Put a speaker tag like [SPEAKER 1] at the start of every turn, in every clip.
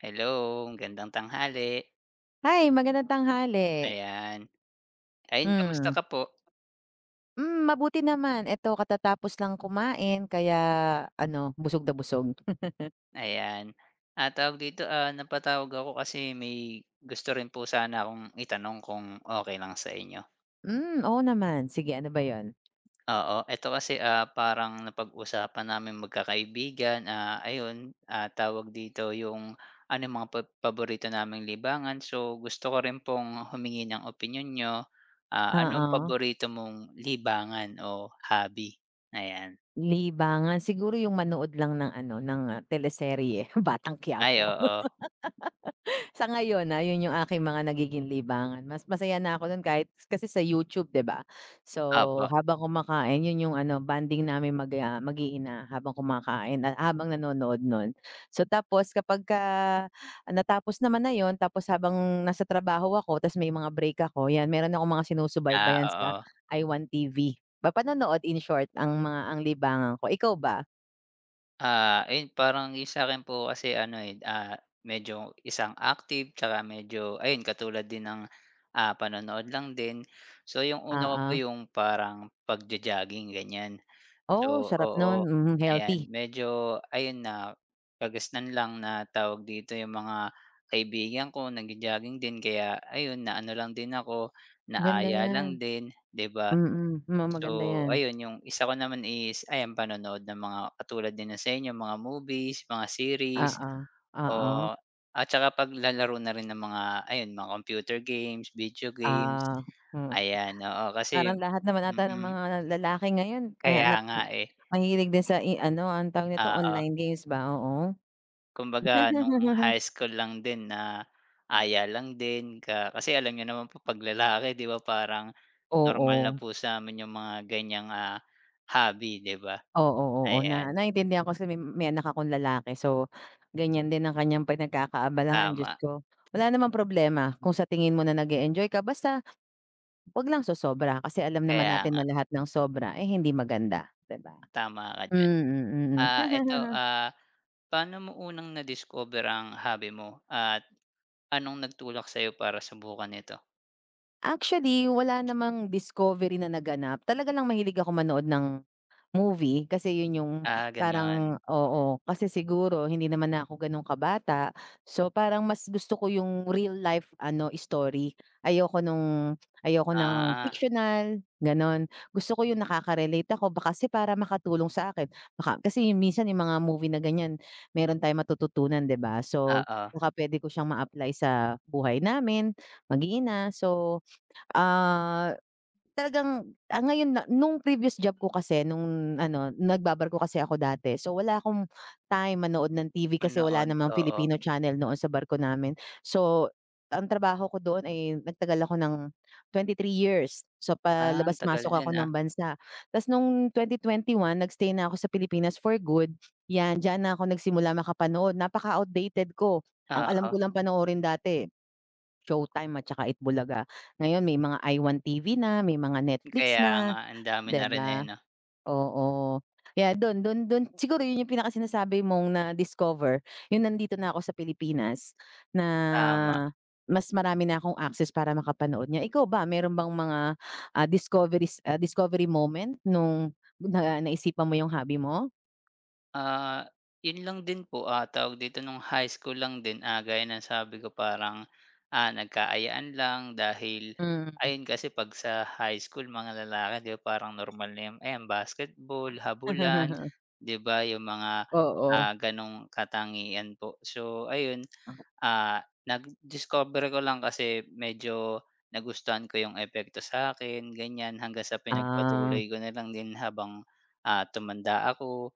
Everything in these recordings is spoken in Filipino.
[SPEAKER 1] Hello, magandang tanghali.
[SPEAKER 2] Hi, magandang tanghali.
[SPEAKER 1] Ayan, ayon kamusta
[SPEAKER 2] Hmm.
[SPEAKER 1] ka po?
[SPEAKER 2] Hmm, mabuti naman, ito katatapos lang kumain, kaya ano busog na busog.
[SPEAKER 1] Ayan, ah, tawag dito ah, napatawag ako kasi may gusto rin po sana akong itanong kung okey lang sa inyo?
[SPEAKER 2] Hmm, oo naman, sige ano ba 'yon?
[SPEAKER 1] Oo, eto kasi ah, parang napag-usapan naming magka-kaibigan. Ah, ayon, ah tawag dito 'yong ano 'yong mga pab paborito naming libangan, so, gusto ko rin pong humingi ng opinyon niyo, ah anong
[SPEAKER 2] Oo.
[SPEAKER 1] paborito mong libangan o hobby ayan?
[SPEAKER 2] Libangan, siguro 'yong manood lang ng ano ng teleserye, Batang
[SPEAKER 1] Ay,
[SPEAKER 2] Quiapo.
[SPEAKER 1] oo.
[SPEAKER 2] Sa ngayon ah, 'yon 'yong aking mga nagiging libangan. Mas masaya na ako no'n kahit kasi sa YouTube 'di ba, so
[SPEAKER 1] Opo.
[SPEAKER 2] habang kumakain, 'yon 'yong ano bonding namin mag, ah, mag-iina habang kumakain at habang nanonood no'n, so tapos kapag ka natapos naman na 'yon tapos habang nasa trabaho ako tapos may mga break ako 'yan meron akong mga
[SPEAKER 1] Ah,
[SPEAKER 2] sinusubaybayan sa
[SPEAKER 1] oo.
[SPEAKER 2] I Want TV, ba panonood in short ang mga ang libangan ko, ikaw ba?
[SPEAKER 1] Ah, ayun parang iisa rin po kasi, ano, eh, ah, medyo isang active tska medyo ayun, katulad din ng, ah, panonood lang din, so, yung una ko po
[SPEAKER 2] Oo.
[SPEAKER 1] yung parang pagjo-jogging, ganyan,
[SPEAKER 2] Oo.
[SPEAKER 1] so,
[SPEAKER 2] Sarap
[SPEAKER 1] oo,
[SPEAKER 2] nun, mhm,
[SPEAKER 1] ayan,
[SPEAKER 2] healthy.
[SPEAKER 1] medyo ayun nakagisnan lang na tawag dito yung mga kaibigan ko nagjo-jogging din kaya ayun na, ano, lang din ako na
[SPEAKER 2] Ganda
[SPEAKER 1] aya
[SPEAKER 2] yan,
[SPEAKER 1] lang din, 'di ba?
[SPEAKER 2] mhm, mukang maganda
[SPEAKER 1] So,
[SPEAKER 2] yan.
[SPEAKER 1] ayun yung isa ko naman is ayan panonood ng mga katulad din sa inyo mga movies, mga series
[SPEAKER 2] Oo, oo.
[SPEAKER 1] o at tsaka paglalaro na rin ng mga, ayun mga computer games, video games,
[SPEAKER 2] Ah, mm,
[SPEAKER 1] ayan, oo, kasi,
[SPEAKER 2] parang lahat naman ata ng
[SPEAKER 1] mhm.
[SPEAKER 2] mga lalaki ngayon
[SPEAKER 1] Kaya
[SPEAKER 2] mahanap
[SPEAKER 1] nga,
[SPEAKER 2] ang
[SPEAKER 1] eh.
[SPEAKER 2] mahilig din sa, ano, anong tawag nito?
[SPEAKER 1] Oo.
[SPEAKER 2] Online games ba? Oo.
[SPEAKER 1] Kumbaga nung high school lang din naaya lang din ka kasi alam niyo naman po 'pag lalaki, 'di ba? Parang normal na
[SPEAKER 2] Oo.
[SPEAKER 1] po samin yung mga, ganyan, ah, hobby, 'di ba?
[SPEAKER 2] Oo, oo na,
[SPEAKER 1] Ayan.
[SPEAKER 2] naintindihan ko kasi may may anak akong lalaki, so, ganyan, din ang kanyang pinagkakaabalahan, Diyos
[SPEAKER 1] Tama.
[SPEAKER 2] ko. Wala namang problema kung sa tingin mo na nag-eenjoy ka basta 'wag lang so-sobra, kasi alam naman
[SPEAKER 1] Kaya
[SPEAKER 2] natin
[SPEAKER 1] nga.
[SPEAKER 2] na lahat ng sobra, eh, hindi maganda, 'di ba?
[SPEAKER 1] Tama ka diyan,
[SPEAKER 2] Mm, Mhm.
[SPEAKER 1] ah, eto, ah, paano mo unang na-discover ang hobby mo at anong nagtulak sa'yo para subukan nito?
[SPEAKER 2] Actually, wala namang discovery na naganap. Talaga lang mahilig ako manood ng movie kasi 'yon yung
[SPEAKER 1] Ah, ganon?
[SPEAKER 2] parang oo. Kasi siguro, hindi naman na 'ko ganon kabata, so parang mas gusto ko yung real life, ano, story. Ayoko nung ayoko ng
[SPEAKER 1] Ah.
[SPEAKER 2] fictional, ganon. Gusto ko 'yon nakaka-relate ako ba kasi para makatulong sa akin. Baka kasi minsan yung mga movie na ganyan, meron tayong matututunan 'di ba? So,
[SPEAKER 1] Oo.
[SPEAKER 2] baka pwede ko siyang ma-apply sa buhay namin, mag-iina. So ah, talagang ah ngayon na nung previous job ko kasi, nung ano nagba-barko kasi ako dati, so wala 'kong time manood ng TV kasi wala
[SPEAKER 1] Manood,
[SPEAKER 2] namang
[SPEAKER 1] oo.
[SPEAKER 2] Filipino channel noon sa barko namin. So, ang trabaho ko doon ay nagtagal ako ng 23 years. So
[SPEAKER 1] Ah,
[SPEAKER 2] palabas-masok
[SPEAKER 1] tagal
[SPEAKER 2] ako
[SPEAKER 1] din
[SPEAKER 2] ng
[SPEAKER 1] ah.
[SPEAKER 2] bansa. Ta's nung 2021 nag-stay na ako sa Pilipinas for good, 'yan, diyan na ako nagsimula makapanood. Napaka-outdated ko. Ang alam
[SPEAKER 1] Oo.
[SPEAKER 2] ko lang panoorin dati, Showtime at saka Eat Bulaga. Ngayon may mga iWant TV na, may mga Netflix
[SPEAKER 1] Kaya
[SPEAKER 2] na,
[SPEAKER 1] nga. Ang dami na
[SPEAKER 2] 'di
[SPEAKER 1] rin eh,
[SPEAKER 2] ba?
[SPEAKER 1] 'no?
[SPEAKER 2] Oo, kaya do'n do'n do'n siguro 'yon yung pinaka-sinasabi mong na-discover, yung nandito na ako sa Pilipinas na,
[SPEAKER 1] Tama.
[SPEAKER 2] mas marami na 'kong access para makapanood niya. Ikaw ba? Meron bang mga ah, discoveries ah discovery moment, nung na naisipan mo yung hobby mo?
[SPEAKER 1] Ah, 'yun lang din po, ah, tawag dito nung high school lang din. Gaya ang sabi ko, parang, ah, nagka-ayaan lang dahil
[SPEAKER 2] Hmm.
[SPEAKER 1] ayun, kasi 'pag sa high school, mga lalaki 'di parang normal na ayan, basketball, habulan, 'di ba? Yung mga,
[SPEAKER 2] Oo.
[SPEAKER 1] ah, gano'ng katangian po. So ayun, ah, nag discover ko lang kasi medyo nagustuhan ko 'yung epekto satin ganyan, hanggang sa
[SPEAKER 2] Ah.
[SPEAKER 1] pinagpatuloy ko nalang din habang, ah, tumanda ako,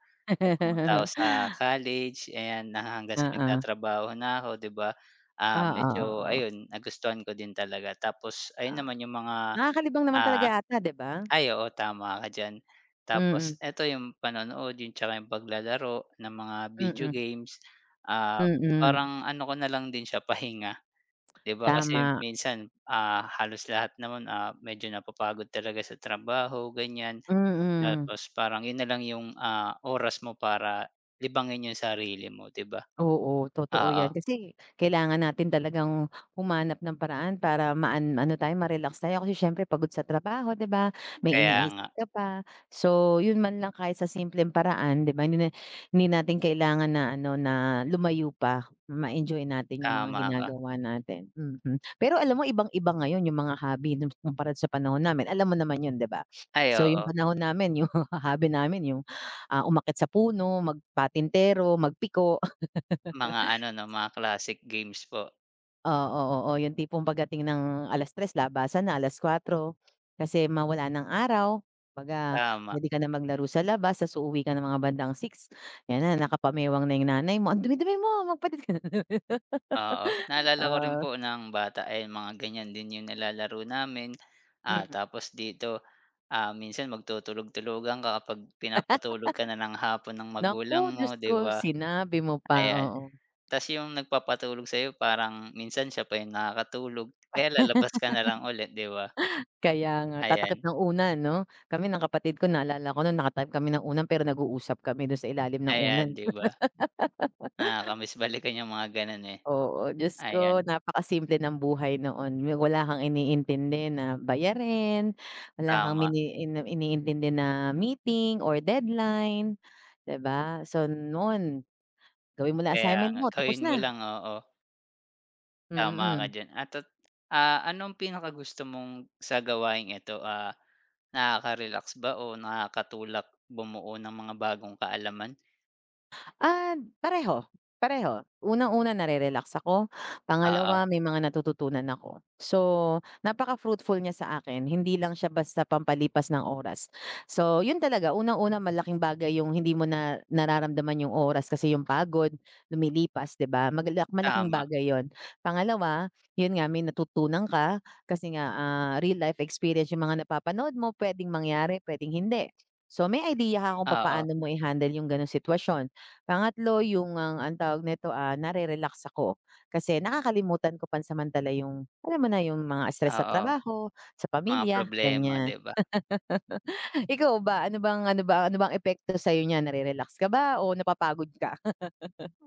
[SPEAKER 1] pumunta ako sa college, ayan na hanggang sa
[SPEAKER 2] Oo.
[SPEAKER 1] nagtatrabaho na ako, 'di ba ah
[SPEAKER 2] Ah,
[SPEAKER 1] medyo
[SPEAKER 2] oo.
[SPEAKER 1] ayun, nagustuhan ko din talaga. Tapos ayun
[SPEAKER 2] Ah,
[SPEAKER 1] naman, 'yung mga,
[SPEAKER 2] nakakalibang naman
[SPEAKER 1] ah
[SPEAKER 2] talaga ata, 'di ba?
[SPEAKER 1] ay oo, tama ka diyan. Tapos
[SPEAKER 2] Mm.
[SPEAKER 1] eto, yung panonood, 'tsaka 'yung paglalaro ng mga video
[SPEAKER 2] Mm.
[SPEAKER 1] games, ah,
[SPEAKER 2] Mm.
[SPEAKER 1] parang ano ko na lang din siya, pahinga. 'Di ba, kasi
[SPEAKER 2] Tama.
[SPEAKER 1] minsan, ah, halos lahat naman, ah, medyo napapagod talaga sa trabaho ganyan,
[SPEAKER 2] Mm.
[SPEAKER 1] 'tapos parang 'yun nalang 'yung, ah, oras mo para libangin 'yung sarili mo, 'di ba?
[SPEAKER 2] Oo, totoo 'yan
[SPEAKER 1] Oo.
[SPEAKER 2] kasi kailangan natin talagang humanap ng paraan para maan ano tayo, ma-relax tayo. Kasi siyempre, pagod sa trabaho, 'di ba? May
[SPEAKER 1] Kaya
[SPEAKER 2] iniisip
[SPEAKER 1] nga.
[SPEAKER 2] ka pa, so 'yun man lang, kahit sa simpleng paraan, 'di ba, hindi na hindi natin kailangan na ano, na lumayo pa ma-enjoy natin 'yung mga
[SPEAKER 1] Tama ka.
[SPEAKER 2] ginagawa natin, mm. Pero alam mo ibang-iba ngayon 'yung mga hobby, kumpara sa panahon namin, alam mo naman 'yon 'di ba?
[SPEAKER 1] Ay,
[SPEAKER 2] So 'yung
[SPEAKER 1] oo.
[SPEAKER 2] panahon namin, yung hobby namin 'yung, ah, umakyat sa puno, magpatintero, mag-piko.
[SPEAKER 1] Mga ano, mga classic games po.
[SPEAKER 2] Oo, oo yung tipong pagdating ng alas-3:00 labasan na alas-4:00 kasi ma wala ng araw. Kumbaga
[SPEAKER 1] Tama.
[SPEAKER 2] pwede ka na maglaro sa labas, tas uuwi ka ng mga bandang 6. Ayan na nakapamewang na yung nanay mo, ang dumi-dumi mo magpalit ka.
[SPEAKER 1] Oo. Naalala ko rin
[SPEAKER 2] Ah.
[SPEAKER 1] po ng bata ay mga ganyan din yung nilalaro namin. Ah,
[SPEAKER 2] Mmm.
[SPEAKER 1] tapos dito, ah, minsan magtutulog-tulugan ka kapag pinapatulog ka na ng hapon ng magulang
[SPEAKER 2] Naku, Diyos
[SPEAKER 1] mo di
[SPEAKER 2] ko,
[SPEAKER 1] ba?
[SPEAKER 2] sinabi mo pa,
[SPEAKER 1] Ayan
[SPEAKER 2] oo.
[SPEAKER 1] tas yung nagpapatulog sayo parang minsan sya pa yung nakakatulog kaya lalabas ka nalang ulit di ba?
[SPEAKER 2] Kaya nga tatakip
[SPEAKER 1] Ayan.
[SPEAKER 2] ng unan ano kami ng kapatid ko naalala ko nung nakatakip kami ng unan pero nag-uusap kami dun sa ilalim ng unan.
[SPEAKER 1] Ayan di ba? nakakamiss balikan yung mga ganun eh,
[SPEAKER 2] Oo, Diyos ko
[SPEAKER 1] ayan.
[SPEAKER 2] napakasimple ng buhay noon yung wala kang iniintindi na bayarin, wala kang
[SPEAKER 1] Tama.
[SPEAKER 2] mini iniintindi na meeting or deadline di ba? So, noon gawin mo lang
[SPEAKER 1] Kaya
[SPEAKER 2] assignment mo, tapos
[SPEAKER 1] gawin mo
[SPEAKER 2] na.
[SPEAKER 1] lang, oo. Tama ka
[SPEAKER 2] Mm.
[SPEAKER 1] diyan anto ah, anong pinakagusto mong sa gawaing ito ah, nakakarelax ba o nakakatulak bumuo ng mga bagong kaalaman?
[SPEAKER 2] Ah, pareho. Pareho. Unang-una, narere-relax ako.
[SPEAKER 1] Oo.
[SPEAKER 2] Pangalawa, may mga natututunan ako. So, napaka-fruitful niya sa akin. Hindi lang siya basta pampalipas ng oras. So 'yon talaga. Unang-una malaking bagay yung hindi mo na nararamdaman yung oras kasi yung pagod lumilipas 'di ba? Magalak malaking
[SPEAKER 1] Tama.
[SPEAKER 2] bagay 'yon. Pangalawa, 'yon nga, may natutunan ka kasi nga, ah, real life experience yung mga napapanood mo. Pwedeng mangyari, pwedeng hindi. So may idea ka kung
[SPEAKER 1] Oo.
[SPEAKER 2] papaano mo i-handle yung ganong sitwasyon. Pangatlo, yung ang ang tawag nito ah, nare-relax ako kasi nakakalimutan ko pansamantala yung, alam mo na, yung mga stress sa
[SPEAKER 1] Oo.
[SPEAKER 2] trabaho, sa
[SPEAKER 1] Mga
[SPEAKER 2] pamilya,
[SPEAKER 1] problema
[SPEAKER 2] ganyan.
[SPEAKER 1] 'di ba?
[SPEAKER 2] Ikaw ba? Ano bang ano ba ano bang epekto sa'yo niyan? Nare-relax ka ba o napapagod ka?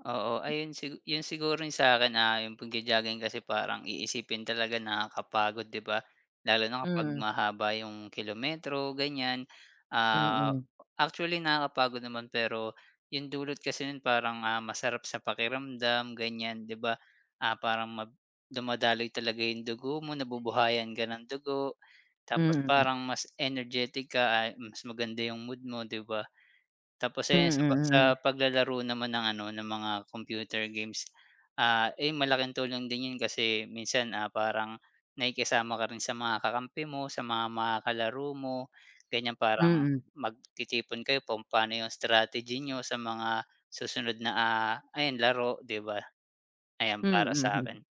[SPEAKER 1] Oo. Ayun sigu 'yon siguro yung sa'kin ah, yung pagjo-jogging kasi parang iisipin talaga nakakapagod 'di ba? Lalo na kapag
[SPEAKER 2] Mm.
[SPEAKER 1] mahaba yung kilometro ganyan. Ah,
[SPEAKER 2] Mm.
[SPEAKER 1] actually nakakapagod naman pero yung dulot kasi no'n parang ah, masarap sa pakiramdam, ganyan, 'di ba? Ah parang mag dumadaloy talaga yung dugo mo, nabubuhayan ka ng dugo. Tapos
[SPEAKER 2] Mhm.
[SPEAKER 1] parang mas energetic ka a mas maganda yung mood mo 'di ba? Tapos ayan sa pa sa
[SPEAKER 2] Mm, mm.
[SPEAKER 1] paglalaro naman ng ano, ng mga computer games, ah, 'yon, malaking tulong din 'yon kasi minsan ah, parang nakikisama ka rin sa mga kakampi mo, sa mga makakalaro mo. Ganyan parang
[SPEAKER 2] Mm.
[SPEAKER 1] magtitipon kayo kung paano yung strategy niyo sa mga susunod na, ah, ayan laro 'di ba? Ayan
[SPEAKER 2] Mm,
[SPEAKER 1] para sa
[SPEAKER 2] mhm.
[SPEAKER 1] 'kin.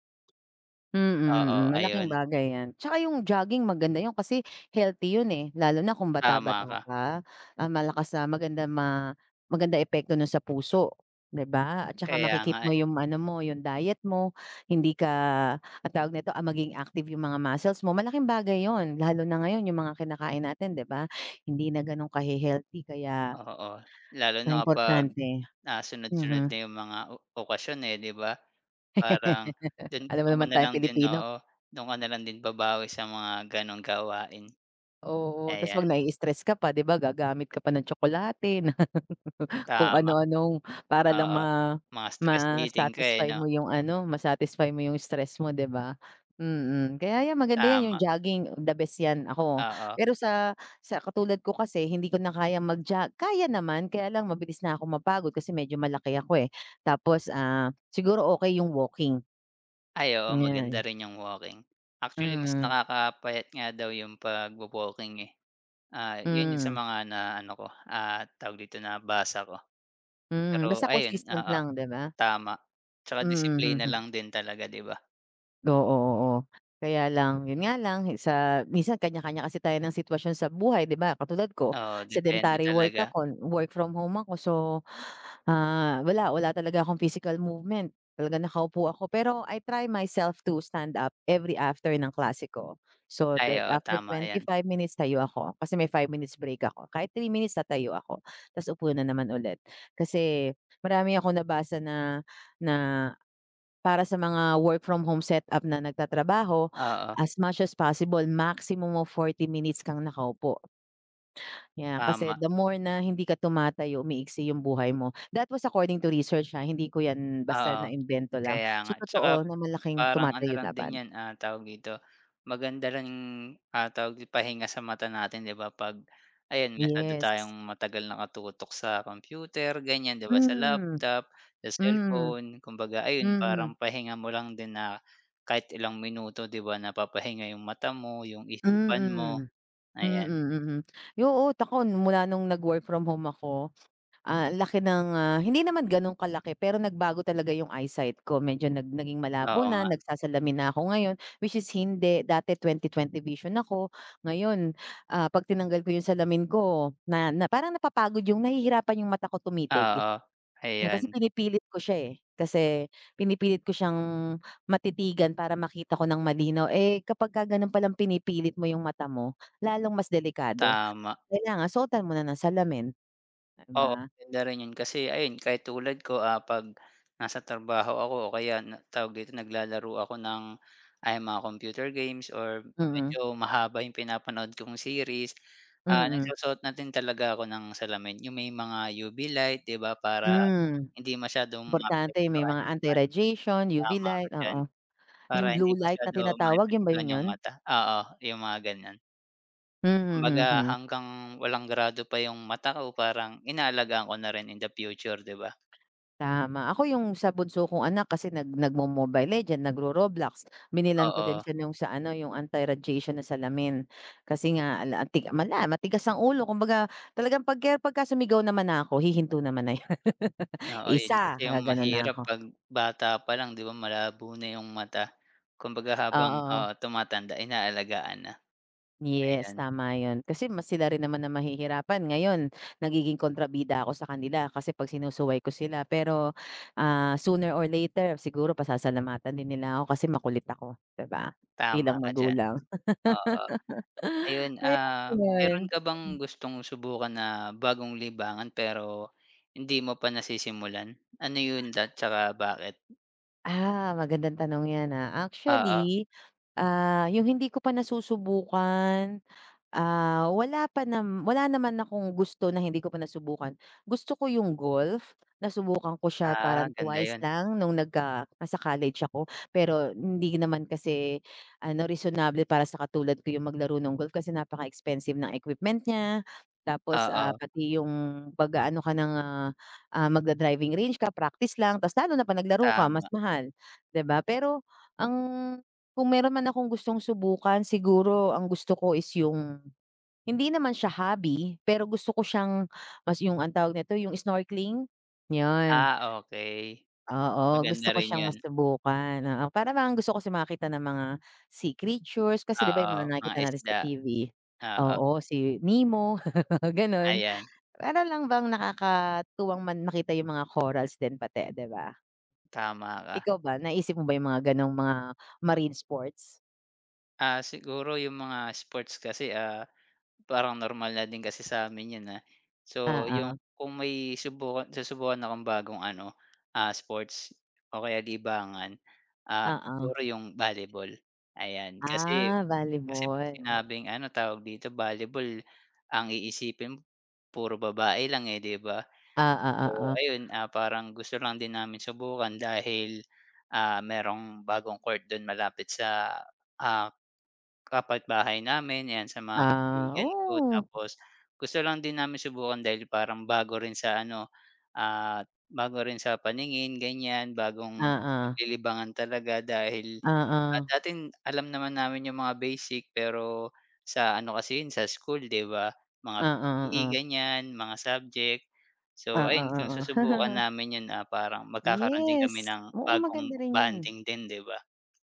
[SPEAKER 2] Mhm, mm,
[SPEAKER 1] Oo,
[SPEAKER 2] malaking
[SPEAKER 1] ayon.
[SPEAKER 2] bagay 'yan. 'Tsaka yung jogging maganda 'yon kasi healthy 'yon eh, lalo na kung bata-bata
[SPEAKER 1] Tama ka.
[SPEAKER 2] ka. Ah malakas ah maganda ma maganda epekto no'n sa puso, 'di ba? At saka
[SPEAKER 1] Kaya
[SPEAKER 2] maki-keep
[SPEAKER 1] nga
[SPEAKER 2] mo
[SPEAKER 1] eh.
[SPEAKER 2] yung ano mo, yung diet mo. Hindi ka, ang tawag nito, ah maging active yung mga muscles mo. Malaking bagay 'yon. Lalo na ngayon yung mga kinakain natin di ba? Hindi na ganong kahe-healthy kaya
[SPEAKER 1] Oh oo, lalo na kapag
[SPEAKER 2] paimportante.
[SPEAKER 1] ah sunod-sunod na
[SPEAKER 2] Mhm.
[SPEAKER 1] yung mga ok okasyon eh, di ba? Parang do'n
[SPEAKER 2] Alam mo
[SPEAKER 1] mo
[SPEAKER 2] naman
[SPEAKER 1] na
[SPEAKER 2] tayong
[SPEAKER 1] lang din
[SPEAKER 2] Pilipino.
[SPEAKER 1] oo, do'n ka nalang din babawi sa mga ganong gawain.
[SPEAKER 2] Oo, ta's
[SPEAKER 1] Ayan.
[SPEAKER 2] pag nai-stress ka pa, 'di ba, gagamit ka pa ng tsokolate. Kung
[SPEAKER 1] Tama.
[SPEAKER 2] ano-anong para lang
[SPEAKER 1] Oo.
[SPEAKER 2] ma
[SPEAKER 1] Ma-stress eating ka eh,
[SPEAKER 2] ma-satisfy mo
[SPEAKER 1] 'no?
[SPEAKER 2] yung ano, ma-satisfy mo yung stress mo 'di ba? Mm, kaya 'yan maganda 'yan, yung
[SPEAKER 1] Tama.
[SPEAKER 2] jogging, the best 'yan. Ako
[SPEAKER 1] Oo.
[SPEAKER 2] pero sa sa katulad ko kasi hindi ko na kayang mag-jo kaya naman! Kaya lang mabilis na akong mapagod kasi medyo malaki ako eh, tapos ah, siguro okay yung walking.
[SPEAKER 1] Ay oo, maganda
[SPEAKER 2] [unintelligible]
[SPEAKER 1] rin yung walking. Actually mas
[SPEAKER 2] Mm.
[SPEAKER 1] nakakapayat nga daw yung pagwo-walking eh. Ah, yung 'yon sa
[SPEAKER 2] Mm.
[SPEAKER 1] mga na ano ko, ah, tawag dito, nabasa ko.
[SPEAKER 2] Mm,
[SPEAKER 1] Pero
[SPEAKER 2] basta
[SPEAKER 1] ayon,
[SPEAKER 2] consistent
[SPEAKER 1] oo,
[SPEAKER 2] lang 'di ba?
[SPEAKER 1] tama. 'Tsaka disiplina
[SPEAKER 2] Mhm.
[SPEAKER 1] lang din talaga, 'di ba?
[SPEAKER 2] Oo, oo, kaya lang yun nga lang sa, minsan kanya-kanya kasi tayo ng sitwasyon sa buhay, 'di ba? Katulad ko
[SPEAKER 1] Oo, depende
[SPEAKER 2] sedentary work
[SPEAKER 1] talaga.
[SPEAKER 2] ako, work from home ako, so, ah, wala, wala talaga akong physical movement talaga nakaupo ako, pero I try myself to stand up every after ng klase ko. So,
[SPEAKER 1] Ay,
[SPEAKER 2] then
[SPEAKER 1] oo,
[SPEAKER 2] after
[SPEAKER 1] tama
[SPEAKER 2] twenty
[SPEAKER 1] 'yan.
[SPEAKER 2] five minutes, tayo ako kasi may 5 minutes break ako, kahit 3 minutes tatayo, ako tapos upo na naman ulit. Kasi marami akong nabasa na, na para sa mga work from home setup na nagtatrabaho,
[SPEAKER 1] Oo.
[SPEAKER 2] as much as possible, maximum of 40 minutes kang nakaupo. Yeah, kasi
[SPEAKER 1] Tama.
[SPEAKER 2] the more na hindi ka tumatayo, umiiksi 'yung buhay mo. That was according to research ha, hindi ko 'yan basta
[SPEAKER 1] Oo,
[SPEAKER 2] naimbento lang,
[SPEAKER 1] kaya
[SPEAKER 2] so,
[SPEAKER 1] nga, 'tsaka
[SPEAKER 2] totoo na malaking
[SPEAKER 1] parang ano
[SPEAKER 2] tumatayo
[SPEAKER 1] lang din
[SPEAKER 2] dapat.
[SPEAKER 1] 'yan, ah, tawag dito, maganda lang ah, tawag ipahinga sa mata natin, 'di ba, 'pag ayan masyado
[SPEAKER 2] Yes.
[SPEAKER 1] tayong matagal nakatutok sa computer ganyan, 'di ba, sa
[SPEAKER 2] Hmm,
[SPEAKER 1] laptop sa
[SPEAKER 2] hmm,
[SPEAKER 1] cellphone, kumbaga ayun parang
[SPEAKER 2] mhm.
[SPEAKER 1] pahinga mo lang din na kahit ilang minuto, 'di ba, napapahinga 'yung mata mo, yung isipan mo,
[SPEAKER 2] Mm, mm,
[SPEAKER 1] ayan.
[SPEAKER 2] mm, ay, oo ako mula nung nag-work from home ako, ah, ang laki ng, ah, hindi naman ganun kalaki pero nagbago talaga yung eyesight ko medyo nag naging malabo
[SPEAKER 1] Oo
[SPEAKER 2] na
[SPEAKER 1] nga.
[SPEAKER 2] nagsasalamin na ako ngayon. Which is hindi dati, 2020 vision ako. Ngayon, ah, 'pag tinanggal ko yung salamin ko na, na, parang napapagod, yung nahihirapan yung mata ko tumitig.
[SPEAKER 1] Oo,
[SPEAKER 2] Yun, kasi
[SPEAKER 1] ayan.
[SPEAKER 2] pinipilit ko siya, eh, kasi pinipilit ko siyang matitigan para makita ko ng malinaw. Eh, kapag ka gano'n palang pinipilit mo 'yung mata mo, lalong mas delikado.
[SPEAKER 1] Tama.
[SPEAKER 2] Kailangan suotan mo na ng salamin, 'di
[SPEAKER 1] Oo,
[SPEAKER 2] ba?
[SPEAKER 1] maganda rin 'yon. Kasi ayon, kahit tulad ko, ah, 'pag nasa trabaho ako, o kaya na tawag dito, naglalaro ako ng ayan mga computer games, or
[SPEAKER 2] Mm.
[SPEAKER 1] medyo mahaba yung pinapanood kong series, ah,
[SPEAKER 2] Mm.
[SPEAKER 1] nagsusuot na din talaga ako ng salamin yung may mga UV light, 'di ba, para
[SPEAKER 2] Hmm,
[SPEAKER 1] hindi masyadong
[SPEAKER 2] importante yung, may
[SPEAKER 1] maapektuhan
[SPEAKER 2] mga
[SPEAKER 1] yung ano.
[SPEAKER 2] anti-radiation, UV
[SPEAKER 1] Tama
[SPEAKER 2] light,
[SPEAKER 1] ka diyan,
[SPEAKER 2] oo,
[SPEAKER 1] para
[SPEAKER 2] yung
[SPEAKER 1] hindi
[SPEAKER 2] blue light na
[SPEAKER 1] masyado
[SPEAKER 2] tinatawag, yun ba
[SPEAKER 1] maapektuhan
[SPEAKER 2] yun
[SPEAKER 1] yung
[SPEAKER 2] yo'n?
[SPEAKER 1] mata, oo, yung mga ganyan.
[SPEAKER 2] Mhm,
[SPEAKER 1] Kumbaga,
[SPEAKER 2] mhm.
[SPEAKER 1] hanggang walang grado pa yung mata ko parang inaalagaan ko na rin in the future 'di ba?
[SPEAKER 2] Tama, ako yung sa bunso kong anak kasi nag nagmo Mobile Legend, nagro Roblox, binilhan ko din
[SPEAKER 1] Oo.
[SPEAKER 2] siya nung sa ano yung anti-radiation na salamin. Kasi nga ala ang ti matigas ang ulo kumbaga talagang pagke pagka-sumigaw naman na ako hihinto naman na 'yun.
[SPEAKER 1] Oo, 'yun kasi
[SPEAKER 2] "1"
[SPEAKER 1] yung
[SPEAKER 2] Gaganu'n na
[SPEAKER 1] mahirap
[SPEAKER 2] ako.
[SPEAKER 1] 'pag bata pa lang 'di ba malabo na yung mata. Kumbaga habang oo
[SPEAKER 2] Oo.
[SPEAKER 1] tumatanda inaalagaan na.
[SPEAKER 2] Yes,
[SPEAKER 1] Ayan.
[SPEAKER 2] tama 'yun, kasi mas sila rin naman ang mahihirapan ngayon, nagiging kontrabida ako sa kanila kasi 'pag sinusuway ko sila pero, ah, sooner or later, siguro pasasalamatan din nila ako kasi makulit ako, 'di ba?
[SPEAKER 1] Tama
[SPEAKER 2] Bilang
[SPEAKER 1] ka diyan.
[SPEAKER 2] magulang.
[SPEAKER 1] Oo. Ayun
[SPEAKER 2] Kaya
[SPEAKER 1] ah,
[SPEAKER 2] ayun.
[SPEAKER 1] meron ka bang
[SPEAKER 2] Mhm.
[SPEAKER 1] gustong subukan na bagong libangan pero, hindi mo pa nasisimulan? Ano yun at 'tsaka bakit?
[SPEAKER 2] Ah, magandang tanong yan, ah,
[SPEAKER 1] Oo.
[SPEAKER 2] actually, ah, yung hindi ko pa nasusubukan, ah, wala pa naman wala pa naman akong gusto na hindi ko pa nasubukan gusto ko yung golf, nasubukan ko siya
[SPEAKER 1] Ah,
[SPEAKER 2] parang
[SPEAKER 1] ganda
[SPEAKER 2] 2
[SPEAKER 1] 'yun.
[SPEAKER 2] lang nung nagka nasa college ako. Pero hindi naman kasi, ano reasonable para sa katulad ko yung maglaro ng golf kasi napaka-expensive ng equipment niya, tapos, ah,
[SPEAKER 1] Oo.
[SPEAKER 2] pati yung 'pag-aano ka ng magda-driving range ka practice lang ta's lalo na pa naglaro ka mas
[SPEAKER 1] Tama.
[SPEAKER 2] mahal, 'di ba? Pero, ang kung meron man akong gustong subukan siguro ang gusto ko is yung, hindi naman siya hobby, pero gusto ko siyang mas yung ang tawag nito, yung snorkeling? 'Yun.
[SPEAKER 1] Ah, okey.
[SPEAKER 2] Oo, gusto
[SPEAKER 1] Maganda
[SPEAKER 2] ko
[SPEAKER 1] rin
[SPEAKER 2] siyang
[SPEAKER 1] 'yun.
[SPEAKER 2] masubukan, oo parang bang gusto ko kasi makakita ng mga sea creatures kasi 'di ba
[SPEAKER 1] Oo,
[SPEAKER 2] yung mga
[SPEAKER 1] mga
[SPEAKER 2] nakikita natin sa
[SPEAKER 1] isda.
[SPEAKER 2] TV
[SPEAKER 1] Oo.
[SPEAKER 2] oo si Nemo, ganu'n
[SPEAKER 1] Ayan.
[SPEAKER 2] para lang bang nakakatuwang man makita yung mga corals din pati, 'di ba?
[SPEAKER 1] Tama ka.
[SPEAKER 2] Ikaw ba naisip mo ba yung mga, ganong, mga marine sports?
[SPEAKER 1] Ah, siguro yung mga sports kasi, ah, parang normal na din kasi sa amin yun, ah, so, yung
[SPEAKER 2] Oo.
[SPEAKER 1] kung may subukan susubukan akong bagong, ano, ah, sports o kaya libangan, ah,
[SPEAKER 2] Oo.
[SPEAKER 1] siguro yung volleyball. Ayan, kasi
[SPEAKER 2] Ah,
[SPEAKER 1] kasi 'pag
[SPEAKER 2] volleyball.
[SPEAKER 1] sinabing, ano, tawag dito volleyball ang iisipin puro babae lang, eh, 'di ba? So,
[SPEAKER 2] Ah, o oo.
[SPEAKER 1] ayun parang gusto lang din namin subukan dahil, ah, merong bagong court do'n malapit sa, ah, kapitbahay namin 'yan sa mga
[SPEAKER 2] Ah,
[SPEAKER 1] kaibigan ko
[SPEAKER 2] oo.
[SPEAKER 1] tapos gusto lang din namin subukan dahil parang bago rin sa, ano, ah, bago rin sa paningin ganyan bagong
[SPEAKER 2] Oo.
[SPEAKER 1] paglilibangan talaga dahil
[SPEAKER 2] Oo.
[SPEAKER 1] dating alam naman namin yung mga basic pero sa, ano, kasi 'yun sa school, 'di ba? Mga
[SPEAKER 2] Oo,
[SPEAKER 1] PE
[SPEAKER 2] oo.
[SPEAKER 1] ganyan, mga subject, so,
[SPEAKER 2] Oo,
[SPEAKER 1] ayun Kung
[SPEAKER 2] oo.
[SPEAKER 1] susubukan namin 'yun, ah, parang magkakaroon din kami
[SPEAKER 2] Yes,
[SPEAKER 1] ng
[SPEAKER 2] oo
[SPEAKER 1] bagong
[SPEAKER 2] maganda rin 'yun.
[SPEAKER 1] bonding din, 'di ba.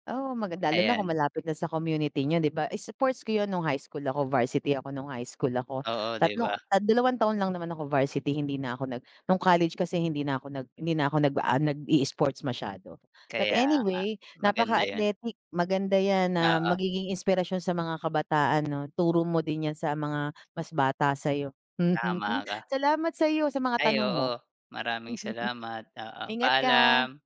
[SPEAKER 2] Oo, magand lalo na kung
[SPEAKER 1] Ayan.
[SPEAKER 2] malapit na sa community niyo, 'di ba? Sports ko 'yun nung high school ako, varsity ako nung high school ako,
[SPEAKER 1] Oo, 'di ba?
[SPEAKER 2] 3 2 taon lang naman ako varsity hindi na ako nag nung college kasi hindi na ako nag hindi na ako nag, ah, nag-iisports masyado. But,
[SPEAKER 1] Kaya nga,
[SPEAKER 2] anyway napaka
[SPEAKER 1] maganda 'yan.
[SPEAKER 2] athletic maganda 'yan na
[SPEAKER 1] Oo.
[SPEAKER 2] magiging inspirasyon sa mga kabataan, 'no, turo mo din 'yan sa mga mas bata sayo.
[SPEAKER 1] Tama ka.
[SPEAKER 2] Salamat sayo sa mga
[SPEAKER 1] Ay
[SPEAKER 2] tanong mo.
[SPEAKER 1] oo, maraming salamat, oo.
[SPEAKER 2] Ingat ka.
[SPEAKER 1] Paalam.